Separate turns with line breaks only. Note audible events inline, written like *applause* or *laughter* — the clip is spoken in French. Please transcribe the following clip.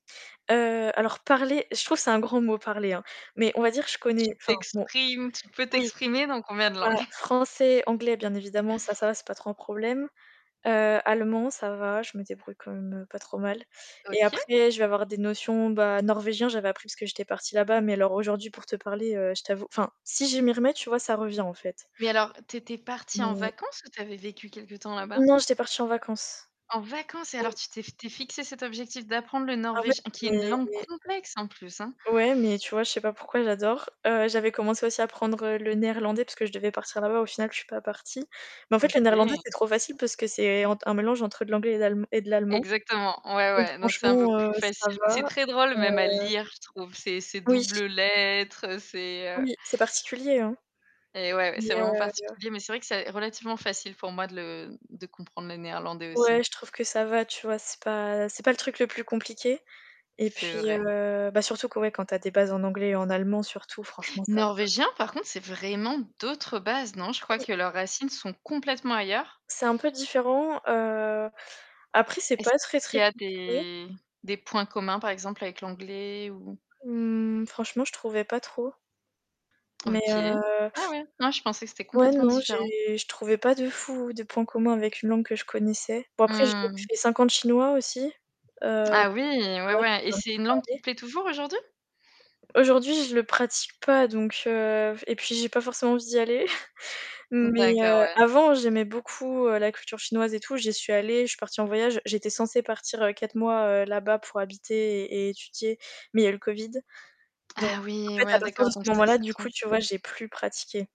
Heu alors parler, je trouve que c'est un grand mot parler hein. Mais on va dire je connais,
Tu
enfin bon,
t'exprimes, tu peux
oui,
t'exprimer dans combien de
voilà,
langues? *chuckles*
français, anglais bien évidemment, ça ça va
*chuckles*
ce n'est pas trop un problème. Heu, allemand, ça va, je me débrouille quand même pas trop mal. Et
OK.
après, je vais avoir des notions bah norvégien j'avais appris parce que j'étais partie là-bas, mais alors aujourd'hui pour te parler, je t'avoue, enfin, si je m'y remets, tu vois, ça revient en fait.
Mais alors, t'étais partie en
Mais
vacances ou tu avais vécu quelque temps là-bas?
Non, j'étais partie en vacances.
En vacances, alors tu t'es, tu t'es fixé cet objectif d'apprendre le
Ah ouais
norvégi qui est une langue
mais
complexe en plus hein.
Ouais mais tu vois, je sais pas pourquoi j'adore. Heu j'avais commencé aussi à apprendre le néerlandais parce que je devais partir là-bas. Au final, je ne suis pas partie. Mais en fait, le néerlandais
OK.
c'est trop facile parce que c'est entre un mélange entre de l'anglais et de l'allemand
Exactement, ouais
donc
ouais donc c'est un peu
franchement heu
plus
ça
facile.
va.
C'est très drôle même à
Heu
lire, je trouve, ces ces
Oui.
double lettres, ces heu
Oui, c'est particulier hein,
Et ouais,
mais
c'est vraiment
heu
particulier, mais c'est vrai que c'est relativement facile pour moi de le, de comprendre le néerlandais aussi.
Ouais, je trouve que ça va, tu vois, c'est pas, c'est pas le truc le plus compliqué. Et puis
C'est vrai.
heu bah surtout que ouais, quand tu as des bases en anglais et en allemand surtout, franchement ça va.
Norvégien par contre, c'est vraiment d'autres bases non? Je crois
Oui.
que leurs racines sont complètement ailleurs.
C'est un peu différent heu, après c'est
Est-ce
pas très
qu'il y
très
a
compliqué.
des des points communs par exemple avec l'anglais ou
Mmh fanchement, je trouvais pas trop. Mais
OK.
heu
Ah ouais? Moi je pensais que c'était
Ouais,
complètement
non,
différent.
j'ai je trouvais pas de fou, de point commun avec une langue que je connaissais. Bon, après, j'ai
Mmh.
fais 5 ans de chinois aussi. Heu ça
Ah oui, ouais
va je
ouais, et
peux un petit
c'est
peu
une langue qui
parler.
te plaît toujours aujourd'hui?
Aujourd'hui, je le pratique pas, donc heu et puis j'ai pas forcément envie d'y aller. *chuckles* Mais
D'accord,
heu,
ouais.
avant, j'aimais beaucoup la culture chinoise et tout, j'y suis allée, je suis partie en voyage, j'étais censée partir heu 4 mois heu là-bas pour habiter et et étudier, mais il y a eu le Covid. Donc,
Ah
en
oui,
fait,
ouais
parti de
d'accord, donc
ce
*unintelligible* c'est
moment-là, du coup, tu vois,
*unintelligible*
j'ai plus pratiqué.